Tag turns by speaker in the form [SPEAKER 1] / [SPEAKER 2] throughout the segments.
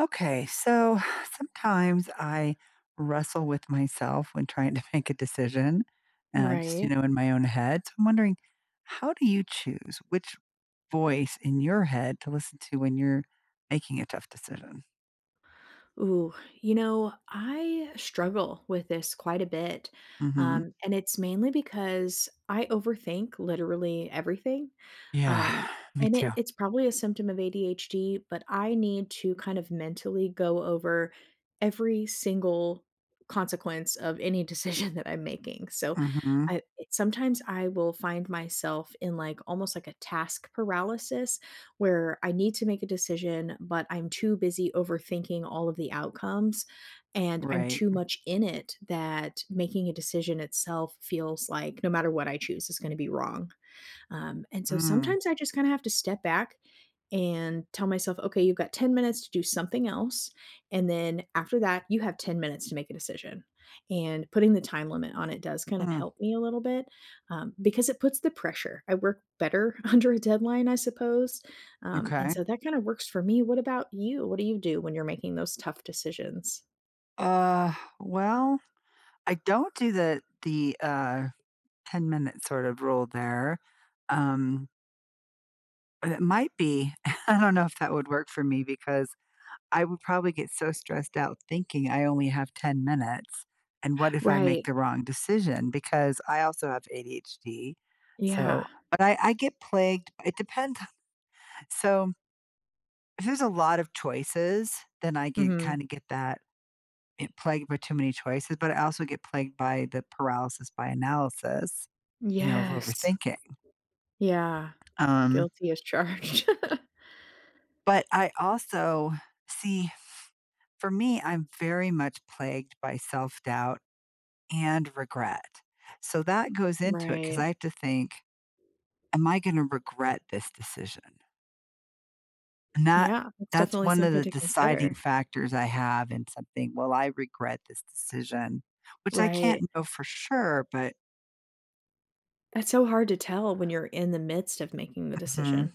[SPEAKER 1] Okay. So, sometimes I wrestle with myself when trying to make a decision, and I just, you
[SPEAKER 2] Right.
[SPEAKER 1] know, in my own head. So, I'm wondering, how do you choose which voice in your head to listen to when you're making a tough decision?
[SPEAKER 2] Ooh, you know, I struggle with this quite a bit,
[SPEAKER 1] Mhm.
[SPEAKER 2] um, and it's mainly because I overthink literally everything,
[SPEAKER 1] Yeah,
[SPEAKER 2] um,
[SPEAKER 1] me
[SPEAKER 2] and it
[SPEAKER 1] too.
[SPEAKER 2] it's probably a symptom of ADHD, but I need to kind of mentally go over every single consequence of any decision that I'm making. So,
[SPEAKER 1] Mhm.
[SPEAKER 2] uh, sometimes I will find myself in, like, almost like a task paralysis where I need to make a decision, but I'm too busy overthinking all of the outcomes; and I'm
[SPEAKER 1] Right.
[SPEAKER 2] too much in it that making a decision itself feels like no matter what I choose is gonna be wrong, um, and so
[SPEAKER 1] Mm.
[SPEAKER 2] sometimes I just kinda have to step back and tell myself, "Okay, you've got 10 minutes to do something else, and then after that, you have 10 minutes to make a decision." And putting the time limit on it does kind of
[SPEAKER 1] Hmm.
[SPEAKER 2] help me a little bit, um, because it puts the pressure. I work better under a deadline, I suppose, um, and
[SPEAKER 1] Okay.
[SPEAKER 2] so that kinda works for me. What about you? What do you do when you're making those tough decisions?
[SPEAKER 1] Uh, well, I don't do the the, uh, ten-minute, sort of, rule there, um but it might be I don't know if that would work for me because I would probably get so stressed out thinking I only have 10 minutes, and what if I make
[SPEAKER 2] Right.
[SPEAKER 1] the wrong decision, because I also have ADHD,
[SPEAKER 2] Yeah.
[SPEAKER 1] so but I I get plagued it depend so if there's a lot of choices, then I get
[SPEAKER 2] Mhm.
[SPEAKER 1] kinda get that i plagued by too many choices, but I also get plagued by the paralysis by analysis, you know, of
[SPEAKER 2] Yes.
[SPEAKER 1] overthinking
[SPEAKER 2] Yeah.
[SPEAKER 1] um
[SPEAKER 2] Guilty as charged.
[SPEAKER 1] but I also see f for me, I'm very much plagued by self-doubt and regret. So, that goes into it, 'cause
[SPEAKER 2] Right.
[SPEAKER 1] I have to think, "Am I gonna regret this decision?" And that
[SPEAKER 2] Yeah. It's
[SPEAKER 1] that's
[SPEAKER 2] definitely
[SPEAKER 1] one of
[SPEAKER 2] something
[SPEAKER 1] the
[SPEAKER 2] to
[SPEAKER 1] deciding
[SPEAKER 2] consider.
[SPEAKER 1] factors I have in something, "Will I regret this decision," which I
[SPEAKER 2] Right.
[SPEAKER 1] can't know for sure, but
[SPEAKER 2] That's so hard to tell when you're in the midst of making the
[SPEAKER 1] Mhm.
[SPEAKER 2] decision,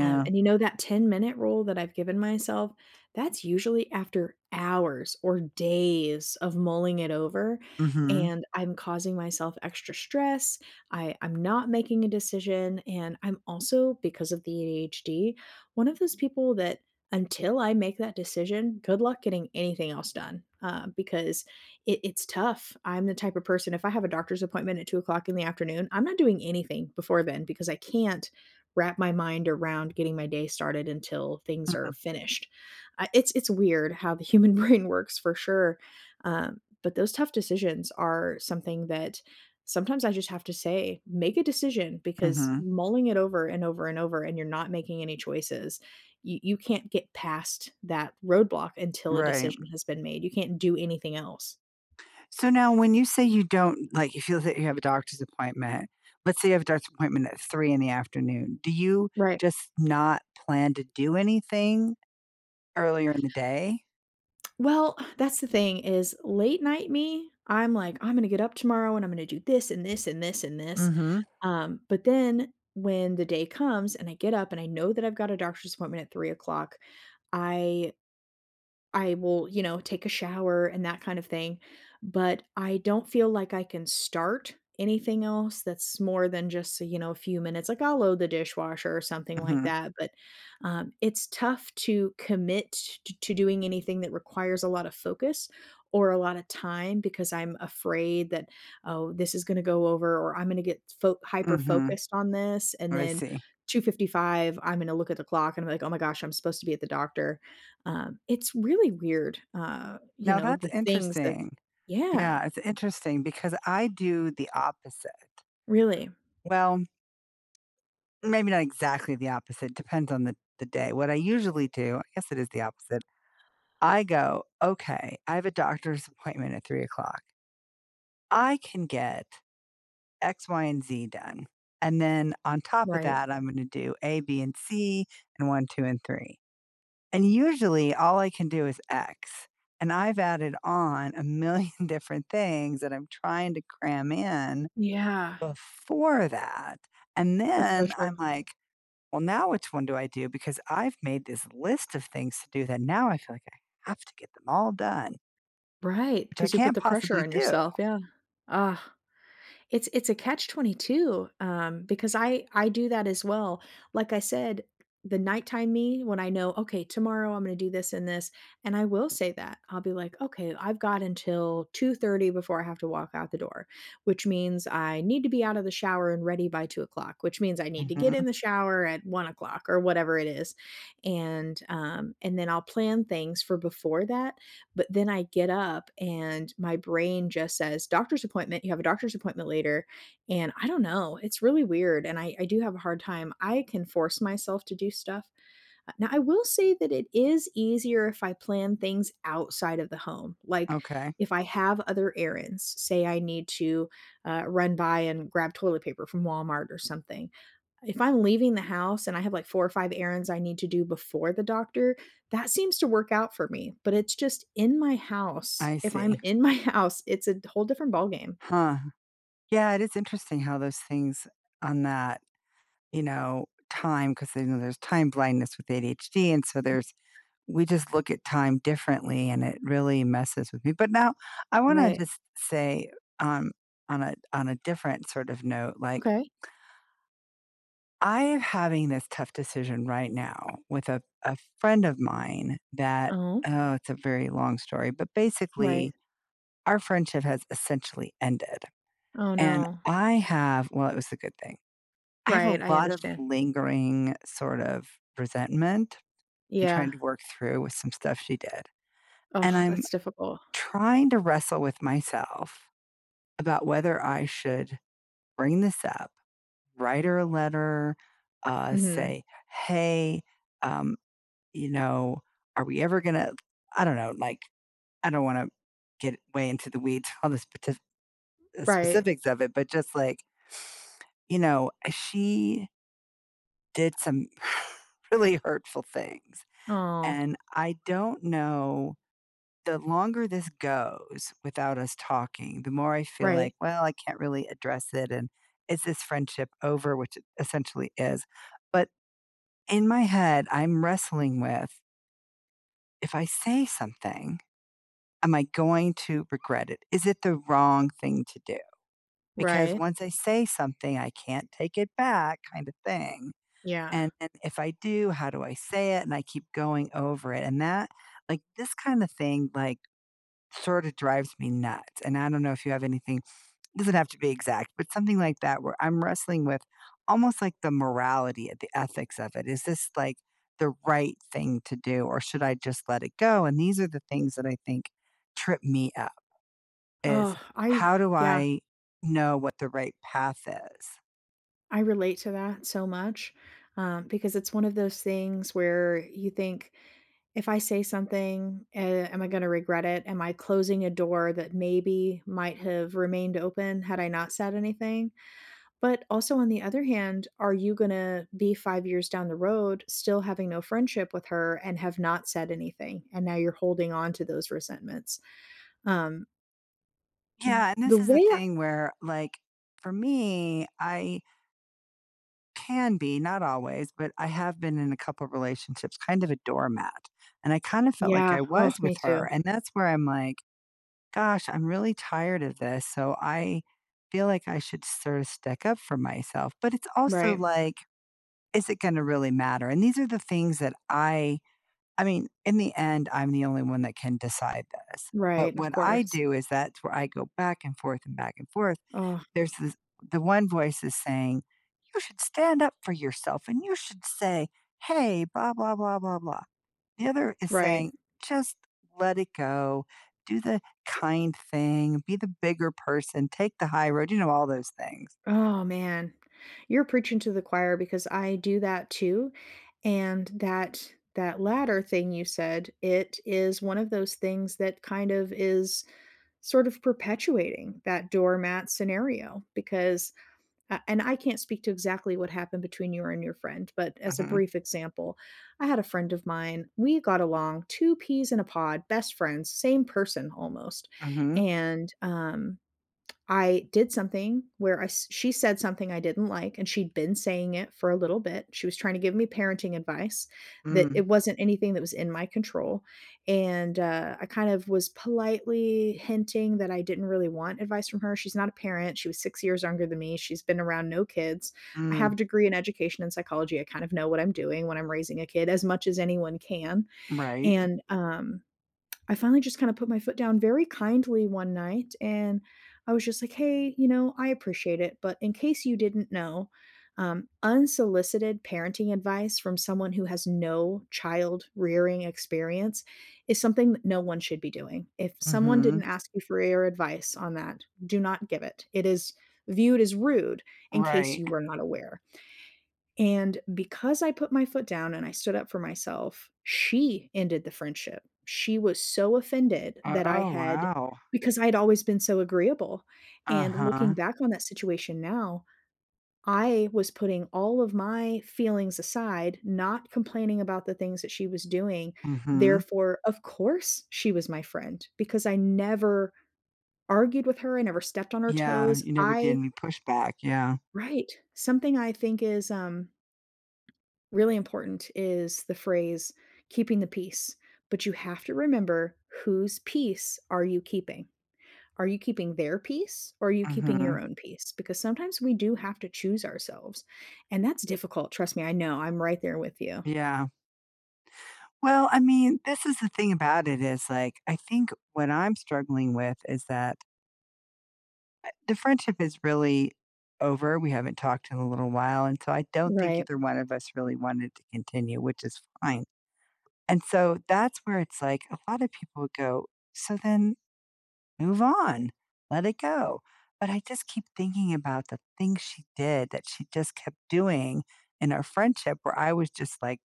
[SPEAKER 2] um, and you know that ten-minute rule that I've given myself, that's usually after hours or days of mulling it over,
[SPEAKER 1] Mhm.
[SPEAKER 2] and I'm causing myself extra stress, I I'm not making a decision, and I'm also- because of the ADHD- one of those people that, until I make that decision, good luck getting anything else done, um, because it it's tough. I'm the type of person if I have a doctor's appointment at 2:00 in the afternoon, I'm not doing anything before then because I can't wrap my mind around getting my day started until things are
[SPEAKER 1] Mm-mm.
[SPEAKER 2] finished. I it's it's weird how the human brain works for sure, um, but those tough decisions are something that sometimes I just have to say, "Make a decision," because
[SPEAKER 1] Mhm.
[SPEAKER 2] mulling it over, and over, and over, and you're not making any choices, you you can't get past that roadblock until a
[SPEAKER 1] Right.
[SPEAKER 2] decision has been made. You can't do anything else.
[SPEAKER 1] So, now when you say you don't like, if you have a you have a doctor's appointment. Let's say you have a doctor's appointment at 3 in the afternoon. Do you
[SPEAKER 2] Right.
[SPEAKER 1] just not plan to do anything earlier in the day?
[SPEAKER 2] Well, that's the thing is late night me, I'm like, "I'm gonna get up tomorrow and I'm gonna do this, and this, and this, and this,"
[SPEAKER 1] Mhm.
[SPEAKER 2] um, but then when the day comes and I get up and I know that I've got a doctor's appointment at 3:00, I I will, you know, take a shower and that kind of thing, but I don't feel like I can start anything else that's more than just, uh, you know, a few minutes, like, I'll load the dishwasher or something like
[SPEAKER 1] Mhm.
[SPEAKER 2] that, but, um, it's tough to commit t t to doing anything that requires a lotta focus or a lotta time because I'm afraid that, "Oh, this is gonna go over or I'm gonna get fo
[SPEAKER 1] Mhm.
[SPEAKER 2] hyperfocused on this, and
[SPEAKER 1] I
[SPEAKER 2] then
[SPEAKER 1] see.
[SPEAKER 2] 2:55, I'm gonna look at the clock and I'm like, 'Oh my gosh, I'm supposed to be at the doctor.'" Um, it's really weird, uh, you
[SPEAKER 1] Now
[SPEAKER 2] know,
[SPEAKER 1] that's
[SPEAKER 2] the things that
[SPEAKER 1] interesting.
[SPEAKER 2] Yeah.
[SPEAKER 1] Yeah, it's interesting because I do the opposite.
[SPEAKER 2] Really.
[SPEAKER 1] Well, maybe not exactly the opposite, depends on the the day. What I usually do- I guess it is the opposite- I go, "Okay. I have a doctor's appointment at 3:00, I can get X, Y, and Z done, and then on top of
[SPEAKER 2] Right.
[SPEAKER 1] that, I'm gonna do A, B, and C, and 1, 2, and 3." And, usually, all I can do is X, and I've added on a million different things that I'm trying to cram in
[SPEAKER 2] Yeah.
[SPEAKER 1] before that, and
[SPEAKER 2] That's so
[SPEAKER 1] then
[SPEAKER 2] true.
[SPEAKER 1] I'm like, "Well, now which one do I do, because I've made this list of things to do that now I feel like I have to get them all done."
[SPEAKER 2] Right,
[SPEAKER 1] Which I
[SPEAKER 2] 'cause you put
[SPEAKER 1] can't
[SPEAKER 2] the pressure
[SPEAKER 1] possibly
[SPEAKER 2] on
[SPEAKER 1] do.
[SPEAKER 2] yourself, yeah. It's it's a Catch-22, um, because I I do that as well. Like I said, the nighttime me, when I know, "Okay, tomorrow I'm gonna do this and this," and I will say that. I'll be like, "Okay, I've got until 2:30 before I have to walk out the door, which means I need to be out of the shower and ready by 2:00, which means I need to get
[SPEAKER 1] Mhm.
[SPEAKER 2] in the shower at 1:00," or whatever it is, and, um and then I'll plan things for before that, but then I get up and my brain just says, "Doctor's appointment, you have a doctor's appointment later," and I dunno, it's really weird and I I do have a hard time. I can force myself to do stuff, uh now I will say that it is easier if I plan things outside of the home, like
[SPEAKER 1] Okay.
[SPEAKER 2] if I have other errands, say I need to, uh, run by and grab toilet paper from Walmart or something. If I'm leaving the house and I have, like, 4 or 5 errands I need to do before the doctor, that seems to work out for me, but it's just in my house,
[SPEAKER 1] I
[SPEAKER 2] if I'm
[SPEAKER 1] see.
[SPEAKER 2] in my house, it's a d whole different ball game.
[SPEAKER 1] Huh. Yeah, it is interesting how those things on that, you know, time, 'cause they know there's time blindness with ADHD, and so there's we just look at time differently, and it really messes with me, but now I wanna
[SPEAKER 2] Right.
[SPEAKER 1] just say, um, on a on a different sort of note, like
[SPEAKER 2] Okay.
[SPEAKER 1] I'm having this tough decision right now with a a friend of mine that
[SPEAKER 2] Oh?
[SPEAKER 1] Oh, it's a very long story, but,
[SPEAKER 2] Right.
[SPEAKER 1] basically, our friendship has essentially ended,
[SPEAKER 2] Oh,
[SPEAKER 1] and
[SPEAKER 2] no.
[SPEAKER 1] I have Well, it was a good thing. I have a
[SPEAKER 2] Right. I
[SPEAKER 1] lot of
[SPEAKER 2] understand.
[SPEAKER 1] lingering sort of resentment and trying
[SPEAKER 2] Yeah.
[SPEAKER 1] to work through with some stuff she did,
[SPEAKER 2] Ugh,
[SPEAKER 1] and I'm
[SPEAKER 2] that's difficult.
[SPEAKER 1] trying to wrestle with myself about whether I should bring this up, write her a letter, uh,
[SPEAKER 2] Mhm.
[SPEAKER 1] say, "Hey, um, you know, are we ever gonna" I don't know, like, I don't wanna get way into the weeds on the spetif uh,
[SPEAKER 2] Right.
[SPEAKER 1] specifics of it, but just like you know, uh, she did some really hurtful things,
[SPEAKER 2] Aw.
[SPEAKER 1] and I don't know the longer this goes without us talking, the more I feel
[SPEAKER 2] Right.
[SPEAKER 1] like, "Well, I can't really address it," and, "is this friendship over," which it essentially is, but in my head, I'm wrestling with "If I say something, am I going to regret it? Is it the wrong thing to do? Because
[SPEAKER 2] Right.
[SPEAKER 1] once I say something, I can't take it back, kinda thing,
[SPEAKER 2] Yeah.
[SPEAKER 1] and and if I do, how do I say it?" And I keep going over it, and that like, this kinda thing, like, sorta drives me nuts, and I don't know if you have anything doesn't have to be exact, but something like that where I'm wrestling with almost like the morality or the ethics of it. "Is this, like, the right thing to do, or should I just let it go," and these are the things that I think trip me up, is
[SPEAKER 2] Ugh, I
[SPEAKER 1] how do
[SPEAKER 2] yeah.
[SPEAKER 1] I know what the right path is?
[SPEAKER 2] I relate to that so much, um, because it's one of those things where you think, if I say something, eh, am I gonna regret it? Am I closing a door that maybe might have remained open had I not said anything? But also on the other hand, are you gonna be 5 years down the road still having no friendship with her and have not said anything? And now you're holding on to those resentments, um
[SPEAKER 1] Yeah, and this
[SPEAKER 2] The
[SPEAKER 1] is
[SPEAKER 2] way
[SPEAKER 1] the
[SPEAKER 2] I
[SPEAKER 1] thing where, like, for me, I can be, not always, but I have been in a couple relationships kind of a doormat, and I kinda felt like
[SPEAKER 2] Yeah.
[SPEAKER 1] I
[SPEAKER 2] Oh,
[SPEAKER 1] was with
[SPEAKER 2] me too.
[SPEAKER 1] her, and that's where I'm like, "Gosh, I'm really tired of this," so I feel like I should sort of stick up for myself, but it's also
[SPEAKER 2] Right.
[SPEAKER 1] like, is it gonna really matter? And these are the things that I I mean, in the end, I'm the only one that can decide this, but
[SPEAKER 2] Right, of
[SPEAKER 1] what I
[SPEAKER 2] course.
[SPEAKER 1] do is that's where I go back and forth and back and forth.
[SPEAKER 2] Aw.
[SPEAKER 1] There's this the one voice is saying, "You should stand up for yourself, and you should say, 'Hey, blah, blah, blah, blah, blah.'" The other is
[SPEAKER 2] Right.
[SPEAKER 1] saying, "Just let it go. Do the kind thing. Be the bigger person, take the high road," you know, all those things.
[SPEAKER 2] Oh, man. You're preaching to the choir because I do that too. And that that latter thing you said, it is one of those things that kind of is sort of perpetuating that doormat scenario because, uh and I can't speak to exactly what happened between you and your friend, but, as a
[SPEAKER 1] Mhm.
[SPEAKER 2] brief example, I had a friend of mine, we got along, two peas in a pod, best friends, same person almost.
[SPEAKER 1] Mhm.
[SPEAKER 2] And, um, I did something where I s she said something I didn't like and she'd been saying it for a little bit. She was trying to give me parenting advice that
[SPEAKER 1] Mm.
[SPEAKER 2] it wasn't anything that was in my control, and, uh, I kind of was politely hinting that I didn't really want advice from her, she's not a parent, she was 6 years younger than me, she's been around no kids. I have
[SPEAKER 1] Mm.
[SPEAKER 2] a degree in education and psychology, I kind of know what I'm doing when I'm raising a kid as much as anyone can,
[SPEAKER 1] Right.
[SPEAKER 2] and, um, I finally just kinda put my foot down very kindly one night and I was just like, "Hey, you know, I appreciate it, but in case you didn't know, um, unsolicited parenting advice from someone who has no child rearing-experience is something no one should be doing. If someone didn't
[SPEAKER 1] Mhm.
[SPEAKER 2] ask you for your advice on that, do not give it. It is viewed as rude in case
[SPEAKER 1] Right.
[SPEAKER 2] you were not aware." And because I put my foot down and I stood up for myself, she ended the friendship. She was so offended that I
[SPEAKER 1] Oh,
[SPEAKER 2] had
[SPEAKER 1] wow.
[SPEAKER 2] because I'd always been so agreeable. And looking
[SPEAKER 1] Uh-huh.
[SPEAKER 2] back on that situation now, I was putting all of my feelings aside, not complaining about the things that she was doing.
[SPEAKER 1] Mhm.
[SPEAKER 2] Therefore, of course, she was my friend because I never argued with her. I never stepped on her
[SPEAKER 1] Yeah.
[SPEAKER 2] toes.
[SPEAKER 1] You never did
[SPEAKER 2] I
[SPEAKER 1] and you pushed back, yeah.
[SPEAKER 2] Right. Something I think is, um, really important is the phrase "keeping the peace." But you have to remember, whose peace are you keeping? Are you keeping their peace or are you keeping your
[SPEAKER 1] Mhm.
[SPEAKER 2] own peace? Because sometimes we do have to choose ourselves. And that's difficult, trust me, I know, I'm right there with you.
[SPEAKER 1] Yeah. Well, I mean, this is the thing about it is, like, I think what I'm struggling with is that eh, the friendship is really over, we haven't talked in a little while, and so I don't think
[SPEAKER 2] Right.
[SPEAKER 1] either one of us really wanted to continue, which is fine, and so that's where it's like, a lotta people go, "So then, move on. Let it go." But I just keep thinking about the things she did that she just kept doing in our friendship where I was just, like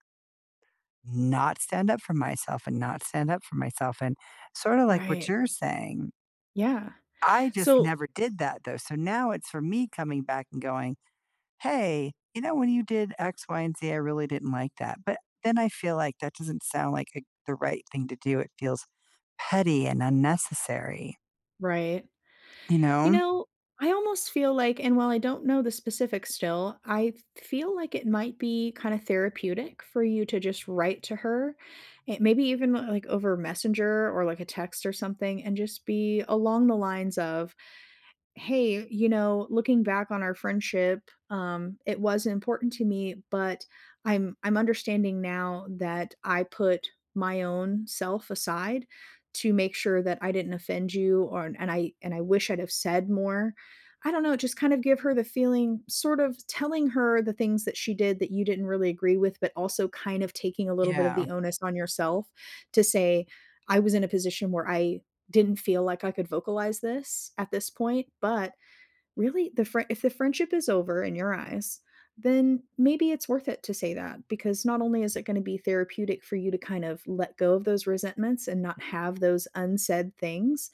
[SPEAKER 1] not stand up for myself and not stand up for myself, and, sorta like what
[SPEAKER 2] Right.
[SPEAKER 1] you're saying
[SPEAKER 2] Yeah.
[SPEAKER 1] I just
[SPEAKER 2] So
[SPEAKER 1] never did that, though, so now it's for me coming back and going, "Hey, you know, when you did X, Y and Z, I really didn't like that," but then I feel like that doesn't sound like it the right thing to do, it feels petty and unnecessary.
[SPEAKER 2] Right.
[SPEAKER 1] You
[SPEAKER 2] You
[SPEAKER 1] know?
[SPEAKER 2] know, I almost feel like and while I don't know the specifics still, I feel like it might be kinda therapeutic for you to just write to her. It maybe even like over messenger or like a text or something and just be along the lines of, "Hey, you know, looking back on our friendship, um, it was important to me but I'm I'm understanding now that I put my own self aside to make sure that I didn't offend you or and I and I wish I'd have said more." I don't know, just kind of give her the feeling sort of telling her the things that she did that you didn't really agree with but also kind of taking a little bit of
[SPEAKER 1] Yeah.
[SPEAKER 2] the onus on yourself to say, "I was in a position where I didn't feel like I could vocalize this at this point," but, really, the frie if the friendship is over in your eyes, then maybe it's worth it to say that, because not only is it gonna be therapeutic for you to kind of let go of those resentments and not have those unsaid things,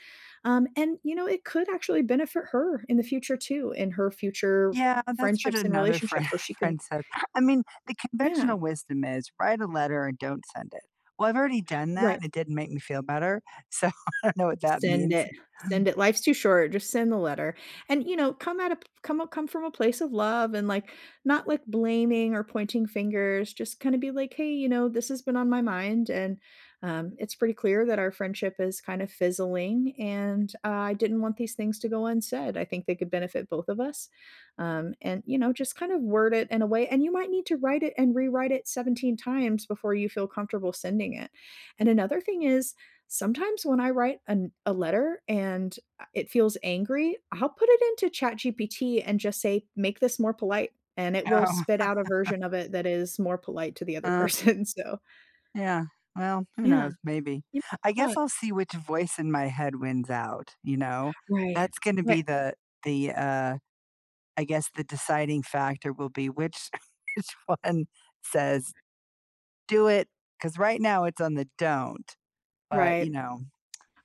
[SPEAKER 2] um, and, you know, it could actually benefit her in the future too, in her future f
[SPEAKER 1] Yeah, that's what
[SPEAKER 2] friendships and
[SPEAKER 1] another friend
[SPEAKER 2] relationships where she can
[SPEAKER 1] friend said. I mean, the
[SPEAKER 2] Yeah.
[SPEAKER 1] conventional wisdom is write a letter and don't send it. Well, I've already done that,
[SPEAKER 2] Right.
[SPEAKER 1] and it didn't make me feel better. So I know what that
[SPEAKER 2] Send
[SPEAKER 1] means.
[SPEAKER 2] it. Send it, life's too short, just send the letter, and, you know, come at a p come a come from a place of love and like, not, like, blaming or pointing fingers, just kinda be like, "Hey, you know, this has been on my mind, and um, it's pretty clear that our friendship is kinda fizzling and, uh, I didn't want these things to go unsaid. I think they could benefit both of us." Um, and, you know, just kind of word it in a way and you might need to write it and rewrite it 17 times before you feel comfortable sending it, and another thing is, sometimes when I write an a letter and, uh, it feels angry, I'll put it into ChatGPT and just say, "Make this more polite." And it will
[SPEAKER 1] Oh.
[SPEAKER 2] spit out a version of it that is more polite to the other
[SPEAKER 1] Uh
[SPEAKER 2] person, so
[SPEAKER 1] Yeah. Well, who
[SPEAKER 2] Yeah.
[SPEAKER 1] knows? Maybe.
[SPEAKER 2] Y
[SPEAKER 1] I guess
[SPEAKER 2] [unintelligible]
[SPEAKER 1] I'll see which voice in my head wins out, you know?
[SPEAKER 2] Right.
[SPEAKER 1] That's gonna be
[SPEAKER 2] Ri
[SPEAKER 1] the the, uh I guess, the deciding factor will be which, which one says, "Do it!" 'Cause right now, it's on the don't. But, you
[SPEAKER 2] Right.
[SPEAKER 1] know,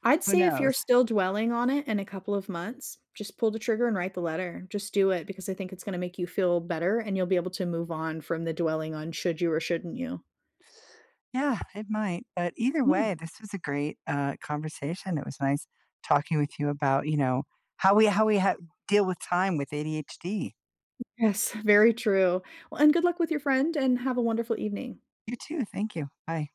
[SPEAKER 2] I'd
[SPEAKER 1] who
[SPEAKER 2] say if you're
[SPEAKER 1] knows?
[SPEAKER 2] still dwelling on it in a couple of months, just pull the trigger and write the letter. Just do it because I think it's gonna make you feel better and you'll be able to move on from the dwelling on should you or shouldn't you.
[SPEAKER 1] Yeah, it might, but either
[SPEAKER 2] Yeah.
[SPEAKER 1] way, this was a great, uh, conversation, it was nice talking with you about, you know, how we how we hav deal with time with ADHD.
[SPEAKER 2] Yes, very true. Well, and good luck with your friend, and have a wonderful evening.
[SPEAKER 1] You too, thank you. Bye.